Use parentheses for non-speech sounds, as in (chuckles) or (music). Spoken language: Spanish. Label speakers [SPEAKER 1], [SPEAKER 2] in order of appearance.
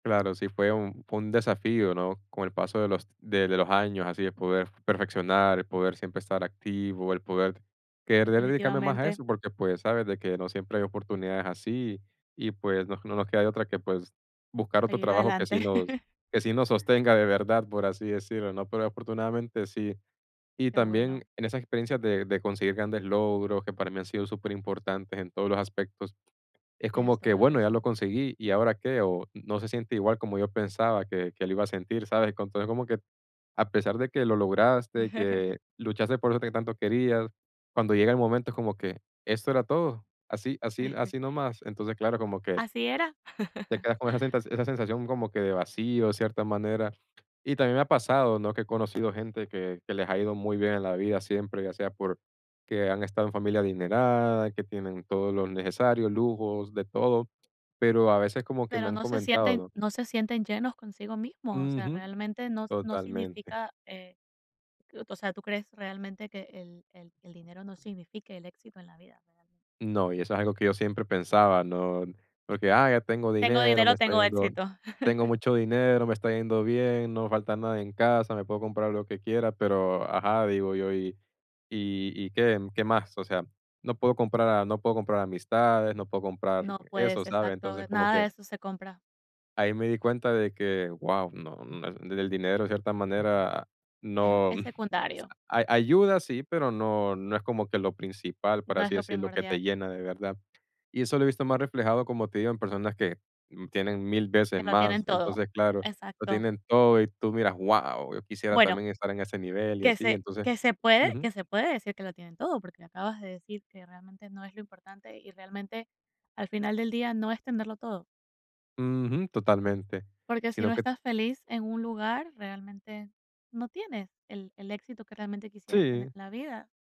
[SPEAKER 1] Claro, sí fue un fue un desafío, ¿no? Con el paso de los de de los años, así de poder perfeccionar, el poder siempre estar activo, el poder querer dedicarme más a
[SPEAKER 2] Definitivamente.
[SPEAKER 1] eso, porque, pues, ¿sabes? De que no siempre hay oportunidades así, y, pues, no no nos queda de otra que, pues, buscar otro
[SPEAKER 2] Seguir
[SPEAKER 1] trabajo que sí
[SPEAKER 2] adelante.
[SPEAKER 1] nos
[SPEAKER 2] (chuckles)
[SPEAKER 1] que sí nos sostenga de verdad, por así decirlo, ¿no? Pero afortunadamente sí. Y
[SPEAKER 2] Qué
[SPEAKER 1] también
[SPEAKER 2] bueno.
[SPEAKER 1] en esas experiencias de de conseguir grandes logros, que para mí han sido superimportantes en todos los aspectos, es
[SPEAKER 2] Tienes
[SPEAKER 1] como que,
[SPEAKER 2] toda la
[SPEAKER 1] bueno, ya lo
[SPEAKER 2] razón.
[SPEAKER 1] conseguí, ¿y ahora qué? O, n no se siente igual como yo pensaba que que lo iba a sentir, ¿sabes? Co entonces, como que a pesar de que lo lograste,
[SPEAKER 2] (chuckles)
[SPEAKER 1] que luchaste por eso que tanto querías, cuando llega el momento es como que, ¿esto era todo? ¿Así así
[SPEAKER 2] (chuckles)
[SPEAKER 1] así nomás? Entonces, claro, como que
[SPEAKER 2] Así era.
[SPEAKER 1] te
[SPEAKER 2] (chuckles)
[SPEAKER 1] quedas con esa senta esa sensación como que de vacío, cierta manera. Y también me ha pasado, ¿no? Que he conocido gente que que les ha ido muy bien en la vida siempre, ya sea porque que han estado en familia adinerada, que tienen todo lo necesario, lujos, de todo, pero a veces como que me
[SPEAKER 2] Pero
[SPEAKER 1] han
[SPEAKER 2] no se
[SPEAKER 1] comentado,
[SPEAKER 2] sienten
[SPEAKER 1] ¿no?
[SPEAKER 2] no se sienten llenos consigo mismos. O sea,
[SPEAKER 1] Ujú,
[SPEAKER 2] realmente no s no
[SPEAKER 1] totalmente.
[SPEAKER 2] significa, eh, o sea, ¿tú crees realmente que el el el dinero no signifique el éxito en la vida?
[SPEAKER 1] No, y eso es algo que yo siempre pensaba, ¿no? Porque, ah, ya tengo
[SPEAKER 2] Tengo
[SPEAKER 1] dinero, me
[SPEAKER 2] dinero,
[SPEAKER 1] está
[SPEAKER 2] tengo
[SPEAKER 1] yendo
[SPEAKER 2] éxito.
[SPEAKER 1] tengo
[SPEAKER 2] (chuckles)
[SPEAKER 1] mucho dinero, me está yendo bien, no me falta nada en casa, me puedo comprar lo que quiera, pero, ajá, digo yo. ¿Y y y qué qué más? O sea, no puedo comprar a no puedo comprar amistades, no puedo comprar
[SPEAKER 2] No
[SPEAKER 1] eso,
[SPEAKER 2] puedes,
[SPEAKER 1] ¿sabes?
[SPEAKER 2] exacto,
[SPEAKER 1] Entonces,
[SPEAKER 2] e
[SPEAKER 1] como
[SPEAKER 2] nada de
[SPEAKER 1] que
[SPEAKER 2] eso se compra.
[SPEAKER 1] ahí me di cuenta de que, guau, no no e el dinero en cierta manera no
[SPEAKER 2] E-es
[SPEAKER 1] (unintelligible)
[SPEAKER 2] secundario.
[SPEAKER 1] a ayuda, sí, pero no no es como que lo principal, por
[SPEAKER 2] No es
[SPEAKER 1] así
[SPEAKER 2] lo
[SPEAKER 1] decirlo, que te
[SPEAKER 2] primordial.
[SPEAKER 1] llena de verdad. Y eso lo he visto más reflejado, como te digo, en personas que tienen 1000
[SPEAKER 2] Que
[SPEAKER 1] veces
[SPEAKER 2] lo
[SPEAKER 1] más,
[SPEAKER 2] tienen todo,
[SPEAKER 1] entonces, claro, lo
[SPEAKER 2] exacto.
[SPEAKER 1] tienen todo y tú miras, ¡guau! Yo quisiera
[SPEAKER 2] Bueno.
[SPEAKER 1] también estar en ese nivel y
[SPEAKER 2] Que
[SPEAKER 1] así,
[SPEAKER 2] se
[SPEAKER 1] entonces
[SPEAKER 2] que se puede
[SPEAKER 1] ujú.
[SPEAKER 2] que se puede decir que lo tienen todo, porque me acabas de decir que realmente no es lo importante, y realmente, al final del día, no es tenerlo todo.
[SPEAKER 1] Ujú, totalmente,
[SPEAKER 2] Porque si
[SPEAKER 1] sino
[SPEAKER 2] no
[SPEAKER 1] que
[SPEAKER 2] estás feliz en un lugar, realmente no tienes el el éxito que realmente quisieras tener
[SPEAKER 1] Sí.
[SPEAKER 2] en la vida.